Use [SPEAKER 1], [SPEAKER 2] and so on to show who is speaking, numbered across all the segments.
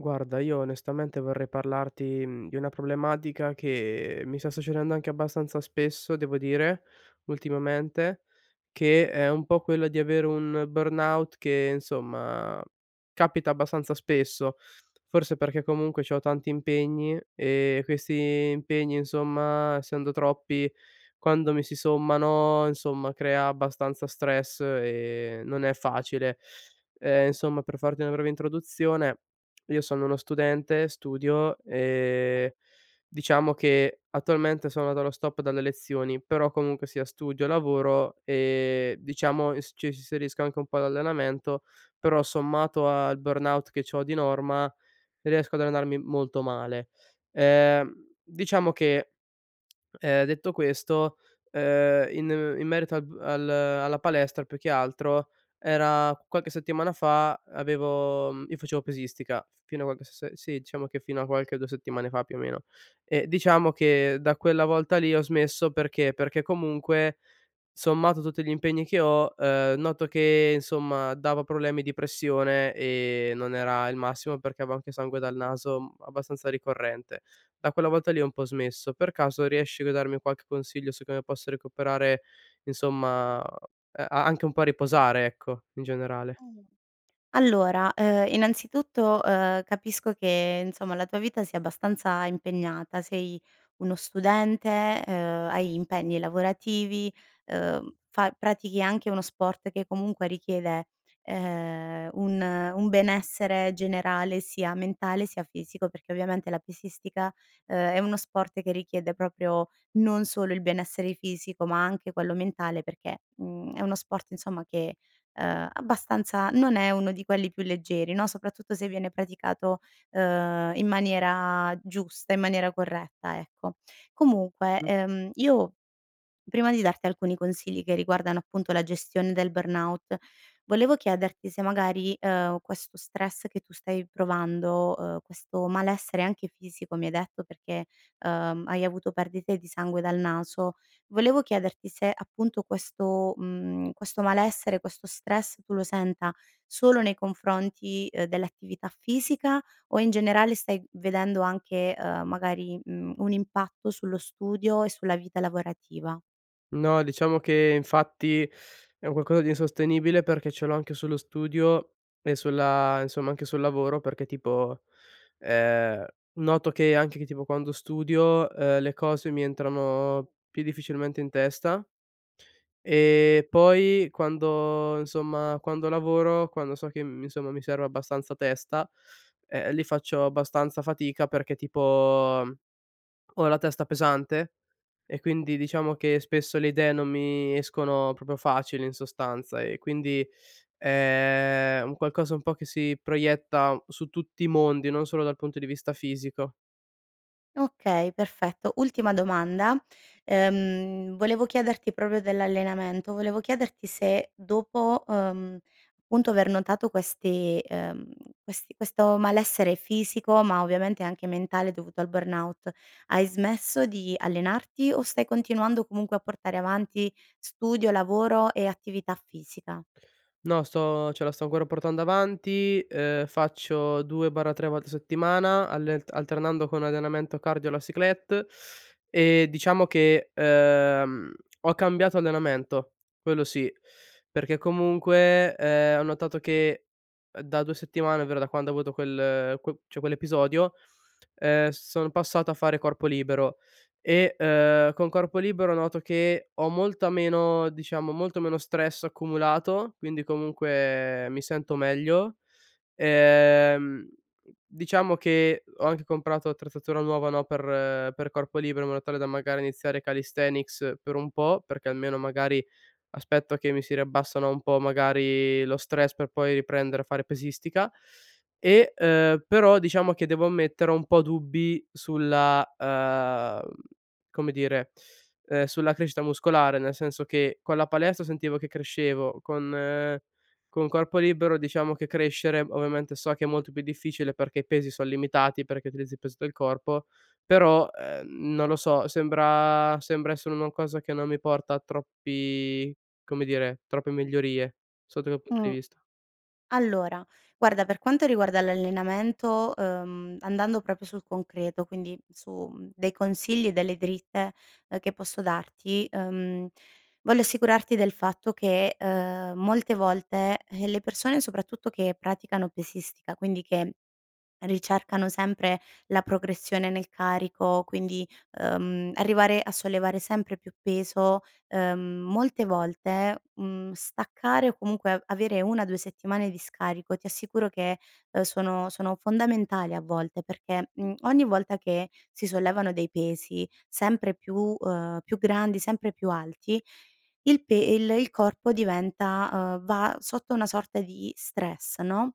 [SPEAKER 1] Guarda, io onestamente vorrei parlarti, mhmm, di una problematica, che mi sta succedendo anche abbastanza spesso devo dire, ultimamente che è un po' quello di avere un burnout che insomma, capita abbastanza spesso. Forse perché comunque c'ho tanti impegni, e questi impegni, insomma, essendo troppi quando mi si sommano, insomma crea abbastanza stress e non è facile. Ehm, insomma per farti una breve introduzione: io sono uno studente, studio e diciamo che attualmente sono dallo stop dalle lezioni, però comunque, sia studio lavoro, ehm, diciamo s ci inserisco anche un po' d'allenamento, però sommato al burnout che c'ho di norma, riesco ad allenarmi molto male. Ehm, diciamo che, ehm, detto questo, ehm, in in merito al b al alla palestra, più che altro, era qualche settimana fa avevo, mhmm, io facevo pesistica fino a qualche se sì diciamo che fino a qualche 2 settimane fa più o meno; e diciamo che da quella volta lì ho smesso, perché, perché comunque sommato tutti gli impegni che ho, ehm, noto che, insomma, dava problemi di pressione e non era il massimo, perché avevo anche sangue dal naso abbastanza ricorrente. Da quella volta lì ho un po' smesso. Per caso, riesci a darmi qualche consiglio, su come posso recuperare, insomma, a anche un po' a riposare ecco in generale.
[SPEAKER 2] Oh, allora, ehm, innanzitutto ,ehm, capisco che insomma la tua vita sia abbastanza impegnata, sei uno studente, ehm, hai impegni lavorativi, ehm, fa pratichi anche uno sport, che comunque richiede, ehm, un un benessere generale, sia mentale, sia fisico. Perché, ovviamente la pesistica, ehm, è uno sport che richiede proprio non solo il benessere fisico, ma anche quello mentale, perché, mhmm, è uno sport insomma che, ehm, abbastanza non è uno di quelli più leggeri, no, soprattutto se viene praticato, ehm, in maniera giusta in maniera corretta, ecco. Comunque,
[SPEAKER 1] Mh-mh.
[SPEAKER 2] ehm, io prima di darti alcuni consigli, che riguardano appunto la gestione del burnout, volevo chiederti se magari, ehm, questo stress che tu stai provando, uhm, questo malessere anche fisico mi hai detto, perché ehm, hai avuto perdite di sangue dal naso, volevo chiederti se appunto questo, mhmm, questo malessere questo stress tu lo senta solo nei confronti, eh, dell'attività fisica o in generale stai vedendo anche, ehm, magari, mhmm, un impatto sullo studio e sulla vita lavorativa?
[SPEAKER 1] No, diciamo che infatti, è un qualcosa di insostenibile, perché ce l'ho anche sullo studio e sulla insomma anche sul lavoro; perché tipo, ehm, noto che anche che tipo quando studio, uhm, le cose mi entrano più difficilmente in testa, e poi quando insomma quando lavoro, quando so che, mhmm, insomma mi serve abbastanza testa, ehm, lì faccio abbastanza fatica perché, tipo ho la testa pesante, e quindi diciamo che spesso le idee non mi escono proprio facili, in sostanza, e quindi è un qualcosa un po' che si proietta su tutti i mondi, non solo dal punto di vista fisico.
[SPEAKER 2] Okay, perfetto. Ultima domanda, ehm, volevo chiederti proprio dell'allenamento; volevo chiederti se dopo, uhm, punto aver notato questi ehm, questi questo malessere fisico, ma ovviamente anche mentale dovuto al burnout hai smesso di allenarti o stai continuando comunque a portare avanti studio, lavoro e attività fisica?
[SPEAKER 1] No, sto cioè la sto ancora portando avanti, ehm, faccio 2/3 volte a settimana alle alternando con allenamento cardio e la cyclette, e diciamo che, uhm, ho cambiato allenamento, quello sì, perché comunque, ehm, ho notato che, uhm, da 2 settimane, ovvero da quando ho avuto quel qu cioè quell'episodio, uhm, sono passato a fare corpo libero e, uhm, con corpo libero, noto che ho molta meno diciamo, molto meno stress accumulato, quindi comunque mi sento meglio. Ehm, diciamo che ho anche comprato l'attrezzatura nuova, no, per per corpo libero in modo tale da magari iniziare calisthenics per un po', perché almeno magari aspetto che mi si riabbassano un po', magari, lo stress per poi riprendere a fare pesistica, e, uhm, però diciamo che devo ammettere, ho un po' dubbi sulla, uhm, come dire, ehm, sulla crescita muscolare, nel senso che: con la palestra sentivo che crescevo, con con corpo libero, diciamo, che crescere ovviamente, so che è molto più difficile, perché i pesi son limitati, perché utilizzi peso del corpo, però, uhm, non lo so, sembra sembra essere una cosa che non mi porta troppi come dire, troppe migliorie sotto quel punto di
[SPEAKER 2] Mh.
[SPEAKER 1] vista.
[SPEAKER 2] Allora guarda per quanto riguarda l'allenamento, uhm, andando proprio sul concreto quindi su, mhmm, dei consigli e delle dritte, ehm, che posso darti, mhmm, voglio assicurarti del fatto che, ehm, molte volte, eh, le persone soprattutto che praticano pesistica, quindi che ricercano sempre la progressione nel carico quindi, uhm, arrivare a sollevare sempre più peso, ehm, molte volte, mhmm, staccare o comunque a avere 1 o 2 settimane di scarico ti assicuro che, ehm, sono sono fondamentali a volte perché, mhmm, ogni volta che si sollevano dei pesi sempre più ehm, più grandi, sempre più alti il pe il il corpo diventa uhm, va sotto una sorta di stress no,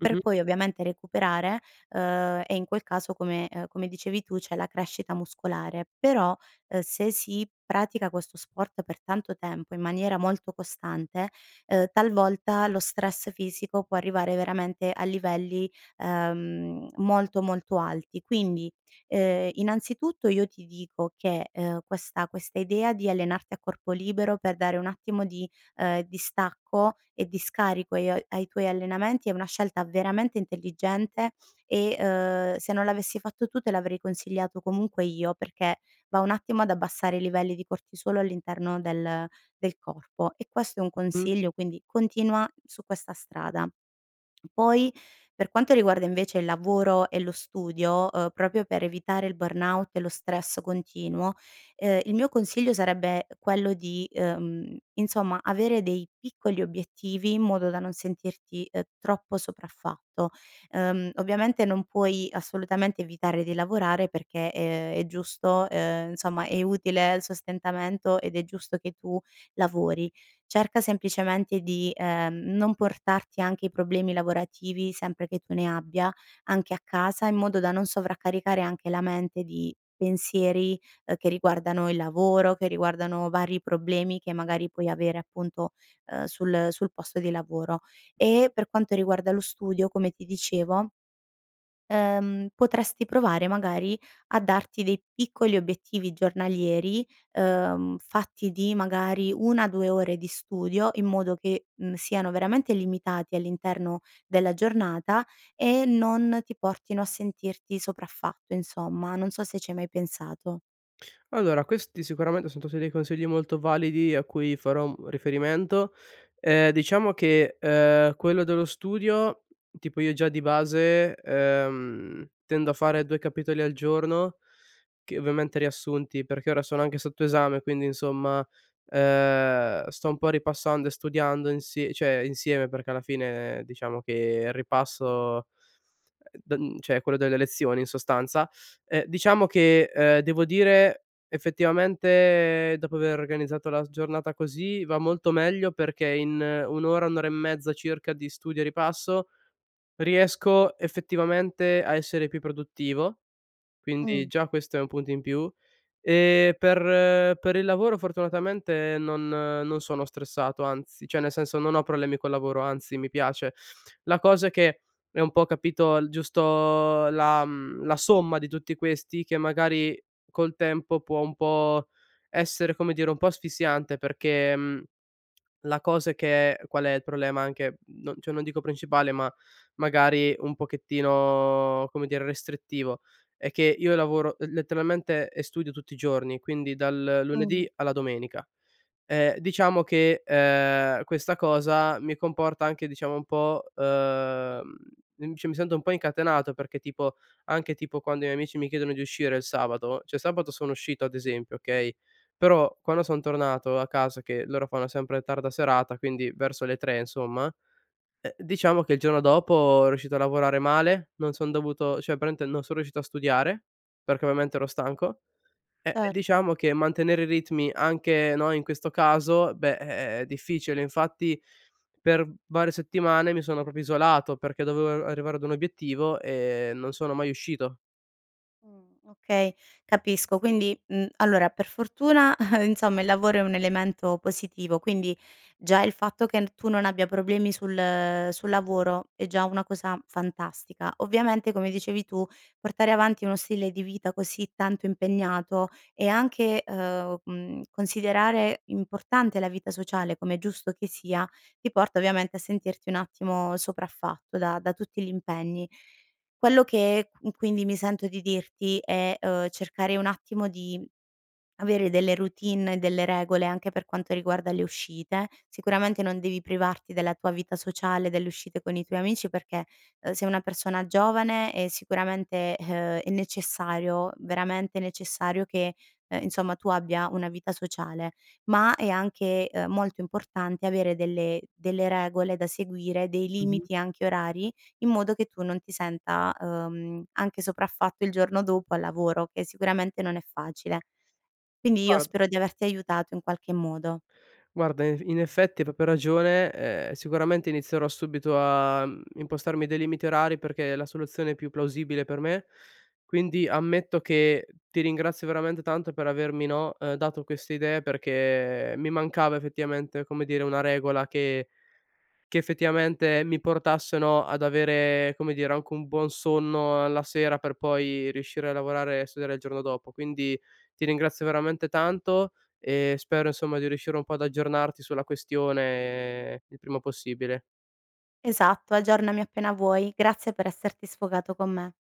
[SPEAKER 2] per
[SPEAKER 1] Mh-mh.
[SPEAKER 2] poi ovviamente recuperare, ehm, e in quel caso come, ehm, come dicevi tu c'è la crescita muscolare però, ehm, se si pratica questo sport per tanto tempo, in maniera molto costante, ehm, talvolta lo stress fisico può arrivare veramente a livelli, ehm, molto, molto alti. Quindi, ehm, innanzitutto io ti dico che, ehm, questa questa idea di allenarti a corpo libero per dare un attimo di, ehm, distacco e di scarico ai ai tuoi allenamenti è una scelta veramente intelligente e, uhm, se non l'avessi fatto tu te l'avrei consigliato comunque io, perché va un attimo ad abbassare i livelli di cortisolo all'interno del del corpo e questo è un
[SPEAKER 1] Mh-mh
[SPEAKER 2] consiglio, quindi continua su questa strada. Poi per quanto riguarda invece il lavoro e lo studio, uhm, proprio per evitare il burnout e lo stress continuo, ehm, il mio consiglio sarebbe quello di, uhm, insomma, avere dei piccoli obiettivi in modo da non sentirti, ehm, troppo sopraffatto. Ehm, ovviamente non puoi assolutamente evitare di lavorare, perché, ehm, è giusto, ehm, insomma è utile il sostentamento ed è giusto che tu lavori. Cerca semplicemente di, ehm, non portarti anche i problemi lavorativi, sempre che tu ne abbia, anche a casa in modo da non sovraccaricare anche la mente di pensieri, ehm, che riguardano il lavoro, che riguardano vari problemi che magari puoi avere appunto, ehm, sul sul posto di lavoro. E
[SPEAKER 1] Mh-mh.
[SPEAKER 2] per quanto riguarda lo studio, come ti dicevo, ehm potresti provare magari a darti dei piccoli obiettivi giornalieri, uhm, fatti di magari 1, 2 ore di studio in modo che, mhmm, siano veramente limitati all'interno della giornata e non ti portino a sentirti sopraffatto, insomma. Non so se ci hai mai pensato.
[SPEAKER 1] Allora, questi sicuramente son tutti dei consigli molto validi a cui farò, mhmm, riferimento. Ehm, diciamo che, ehm, quello dello studio tipo io, già di base, ehm, tendo a fare 2 capitoli al giorno, che ovviamente riassunti, perché ora sono anche sotto esame, quindi insomma, ehm, sto un po' ripassando e studiando insi cioè insieme, perché alla fine diciamo che il ripasso don cioè è quello delle lezioni in sostanza. E diciamo che, ehm, devo dire, effettivamente, dopo aver organizzato la s giornata così va molto meglio, perché in 1 ora, 1 ora e mezza circa di studio e ripasso riesco effettivamente a essere più produttivo, quindi
[SPEAKER 2] Mh.
[SPEAKER 1] già questo è un punto in più, e per per il lavoro fortunatamente non non sono stressato anzi, cioè nel senso, non ho problemi col lavoro anzi, mi piace. La cosa che è un po' capito il giusto la mhmm, la somma di tutti questi, che magari col tempo, può un po' essere, come dire, un po' asfissiante, perché, mhmm, la cosa è che qual è il problema, anche, mhmm, cioè non dico principale, ma magari un pochettino, come dire, restrittivo, è che io lavoro l letteralmente e studio tutti i giorni, quindi dal
[SPEAKER 2] Mh.
[SPEAKER 1] lunedì alla domenica. E diciamo che, ehm, questa cosa mi comporta anche diciamo un po' uhm, cioè mi sento un po' incatenato, perché tipo anche tipo quando i miei amici mi chiedono di uscire il sabato cioè sabato sono uscito ad esempio okay, però quando son tornato a casa che loro fanno sempre tarda serata, quindi verso le 3 insomma, eh, diciamo che il giorno dopo ero riuscito a lavorare male, non son dovuto cioè praticamente non son riuscito a studiare, perché ovviamente ero stanco, e
[SPEAKER 2] Certo.
[SPEAKER 1] diciamo che mantenere i ritmi, anche no, in questo caso beh è è è difficile, infatti per varie settimane mi sono proprio isolato, perché dovevo a arrivare ad un obiettivo e non sono mai uscito.
[SPEAKER 2] Mhmm, okay, capisco, quindi, mhmm, allora, per fortuna insomma il lavoro è un elemento positivo, quindi già il fatto che n tu non abbia problemi sul sul lavoro è già una cosa fantastica. Ovviamente come dicevi tu, portare avanti uno stile di vita così tanto impegnato e anche, uhm, mhmm, considerare importante la vita sociale com' è giusto che sia, ti porta ovviamente a sentirti un attimo sopraffatto da da tutti gli impegni. Quello che qu quindi mi sento di dirti è, uhm, cercare un attimo di avere delle routine e delle regole anche per quanto riguarda le uscite, sicuramente non devi privarti della tua vita sociale, delle uscite con i tuoi amici, perché, uhm, sei una persona giovane e sicuramente, uhm, è necessario, veramente necessario, che, uhm, insomma tu abbia una vita sociale, ma è anche, uhm, molto importante avere delle delle regole da seguire, dei
[SPEAKER 1] Mh-mh.
[SPEAKER 2] limiti anche orari, in modo che tu non ti senta, uhm, anche sopraffatto il giorno dopo al lavoro, che sicuramente non è facile. Quindi io
[SPEAKER 1] Guard
[SPEAKER 2] spero di averti aiutato in qualche modo.
[SPEAKER 1] Guarda invi in effetti hai proprio ragione, ehm, sicuramente inizierò subito a, mhmm, impostarmi dei limiti orari, perché è la soluzione più plausibile per me, quindi ammetto che ti ringrazio veramente tanto per avermi, no, uhm, dato queste idee perché mi mancava effettivamente, come dire, una regola che che effettivamente mi portasse, no, ad avere, come dire, anche un buon sonno alla sera, per poi riuscire a lavorare e studiare il giorno dopo. Quindi, ti ringrazio veramente tanto e spero insomma di riuscire un po' ad aggiornarti sulla questione, il prima possibile.
[SPEAKER 2] Esatto, aggiornami appena vuoi, grazie per esserti sfogato con me.